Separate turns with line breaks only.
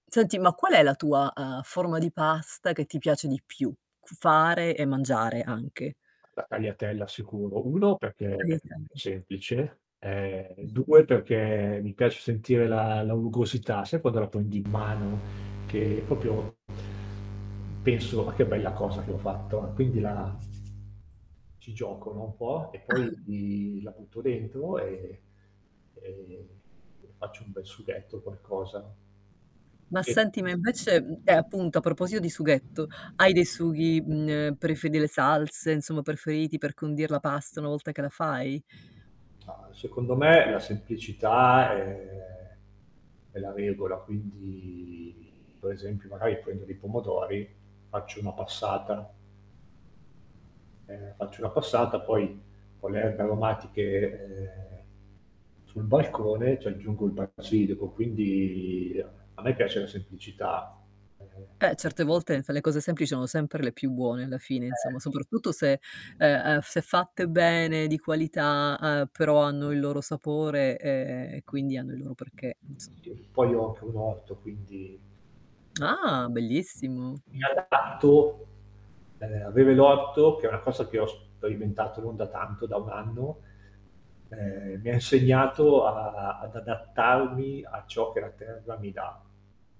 Senti, ma qual è la tua, uhm, forma di pasta che ti piace di più cu fare e mangiare anche?
La tagliatella sicuro: 1 perché
Le
è
taglia
semplice, ehm, 2 perché mi piace sentire la la rugosità, sai quando la prendi in mano, che proprio penso: "Ma che bella cosa che ho fatto". Quindi la ci gioco, no, un po' e
Ah.
poi di la butto dentro, e e e faccio un bel sughetto, qualcosa.
Ma
Sì.
senti, ma invece, mhmm, e appunto a proposito di sughetto: hai dei sughi, mhmm, ehm, preferiti, delle salse, insomma, preferiti per condir la pasta una volta che la fai?
Ah, secondo me la semplicità è è la regola, quindi, per esempio magari prendo dei pomodori, faccio una passata ehm, faccio una passata, poi con le erbe aromatiche, ehm, sul balcone ci aggiungo il basilico, quindi a me piace la semplicità. E e
Eh, certe volte enfe le cose semplici sono sempre le più buone alla fine, insomma,
Eh.
soprattutto se, ehm, ehm, se fatte bene di qualità, uhm, però hanno il loro sapore, ehm, e quindi hanno il loro perché, insomma.
Io poi ho anche un orto, quindi
Ah, bellissimo.
mi
Mh.
adatto. Ehm, avere l'orto, che è una cosa che ho sperimentato non da tanto, da 1 anno, ehm, mi ha insegnato a ad adattarmi a ciò che la terra mi dà.